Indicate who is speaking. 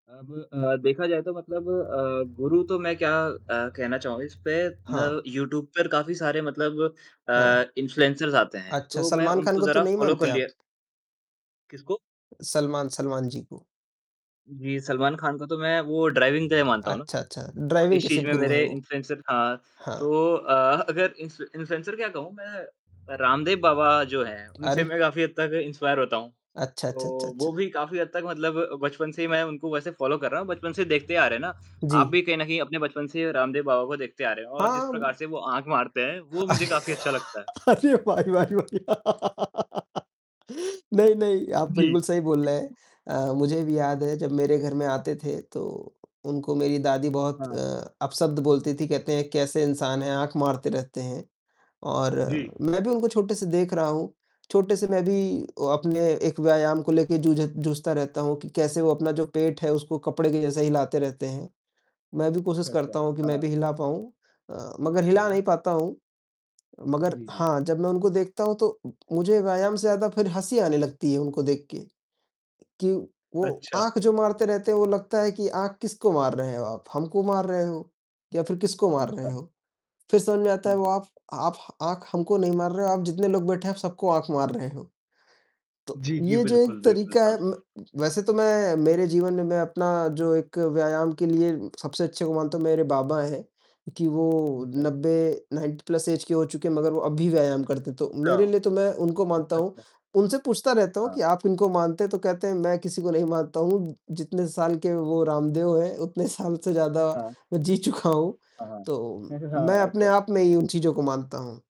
Speaker 1: अब अ, देखा जाए तो मतलब अ, गुरु तो मैं क्या अ, कहना चाहूँगा इसपे, ना
Speaker 2: हाँ।
Speaker 1: यूट्यूब पर काफ़ी सारे मतलब
Speaker 2: हाँ।
Speaker 1: अ, इन्फ्लुएंसर्स आते हैं,
Speaker 2: अच्छा,
Speaker 1: तो मैं
Speaker 2: सलमान खान
Speaker 1: उनको
Speaker 2: को तो
Speaker 1: ज़रा
Speaker 2: नहीं
Speaker 1: फॉलो कर
Speaker 2: मानते आप?
Speaker 1: लिया किसको?
Speaker 2: सलमान सलमान जी को।
Speaker 1: जी, सलमान खान को तो मैं वो ड्राइविंग के दै मानता हूँ ना,
Speaker 2: अच्छा, अच्छा,
Speaker 1: वो
Speaker 2: ड्राइविंग
Speaker 1: इस
Speaker 2: के
Speaker 1: चीज़
Speaker 2: सिर्फ
Speaker 1: में
Speaker 2: गुरु है
Speaker 1: मेरे
Speaker 2: वो?
Speaker 1: इन्फ्लुएंसर हाँ।
Speaker 2: हाँ।
Speaker 1: तो अ, अगर इन्फ्लु इन्फ्लुएंसर क्या कहूँ मैं, रामदेव बाबा जो है उनसे
Speaker 2: अरे!
Speaker 1: मैं काफ़ी हद तक इंस्पायर होता हूँ।
Speaker 2: अच्छा, अच्छा, अच्छा,
Speaker 1: तो, वो
Speaker 2: अच्छा।
Speaker 1: भी काफ़ी हद तक मतलब बचपन से ही मैं उनको वैसे फॉलो कर रहा हूँ, बचपन से देखते आ रहे हैं ना,
Speaker 2: जी।
Speaker 1: आप भी कहीं न कहीं अपने बचपन से ही रामदेव बाबा को देखते आ रहे हैं और जिस प्रकार
Speaker 2: हाँ।
Speaker 1: से वो आँख मारते हैं, वो मुझे काफ़ी अच्छा लगता है।
Speaker 2: अरे भाई, भाई, भाई, नहीं, नहीं, आप
Speaker 1: जी।
Speaker 2: बिल्कुल सही बोल रहे हैं। अ, मुझे भी याद है जब मेरे घर में आते थे, तो उनको मेरी दादी बहुत अ,
Speaker 1: हाँ।
Speaker 2: अपशब्द बोलती थी, कहते हैं कैसे इंसान हैं, आँख मारते रहते हैं। और
Speaker 1: जी।
Speaker 2: मैं भी उनको छोटे से देख रहा हूँ, छोटे से मैं भी अपने एक व्यायाम को लेके जूझ जूझता रहता हूँ कि कैसे वो अपना जो पेट है, उसको कपड़े के जैसे हिलाते रहते हैं, मैं भी कोशिश
Speaker 1: अच्छा,
Speaker 2: करता
Speaker 1: अच्छा,
Speaker 2: हूँ कि मैं
Speaker 1: हाँ।
Speaker 2: भी हिला पाऊँ अ, मगर हिला
Speaker 1: हुँ।
Speaker 2: नहीं पाता हूँ। मगर
Speaker 1: जी, जी।
Speaker 2: हाँ, जब मैं उनको देखता हूँ, तो मुझे व्यायाम से ज़्यादा फिर हँसी आने लगती है उनको देख के, कि वो
Speaker 1: अच्छा।
Speaker 2: आँख जो मारते रहते हैं वो लगता है कि आँख किसको मार रहे हो आप? हमको मार रहे हो? या फिर किसको मार रहे
Speaker 1: अच्छा।
Speaker 2: हो? फिर समझ में आता है
Speaker 1: हाँ,
Speaker 2: वो
Speaker 1: हाँ।
Speaker 2: आफ आफ आँख हमको नहीं मार रहे हो, आप जितने लोग बैठे हैं आप सबको आँख मार रहे हो। तो
Speaker 1: जी, जी,
Speaker 2: ये जो एक
Speaker 1: बिल्कुल, बिल्कुल,
Speaker 2: तरीका है
Speaker 1: हाँ।
Speaker 2: म वैसे तो मैं मेरे जीवन में मैं अपना जो एक व्यायाम के लिए सबसे अच्छे को मानता हूँ मेरे बाबा हैं, कि वो
Speaker 1: अच्छा।
Speaker 2: 90 90 प्लस ऐज के हो चुके हैं मगर वो अभी भी व्यायाम करते हैं, तो
Speaker 1: अच्छा।
Speaker 2: मेरे लिए तो मैं उनको मानता
Speaker 1: अच्छा,
Speaker 2: हूँ।
Speaker 1: अच्छा।
Speaker 2: उनसे पूछता रहता हूँ
Speaker 1: हाँ।
Speaker 2: कि, "आप इनको मानते हैं?" तो कहते हैं, "मैं किसी को नहीं मानता हूँ, जितने साल के वो रामदेव हैं, उतने साल से ज़्यादा
Speaker 1: हाँ।
Speaker 2: मैं जी चुका हूँ,
Speaker 1: हाँ, हाँ,
Speaker 2: तो
Speaker 1: हाँ,
Speaker 2: मैं अपने
Speaker 1: अच्छा।
Speaker 2: आप में ही उन चीज़ों को मानता हूँ।"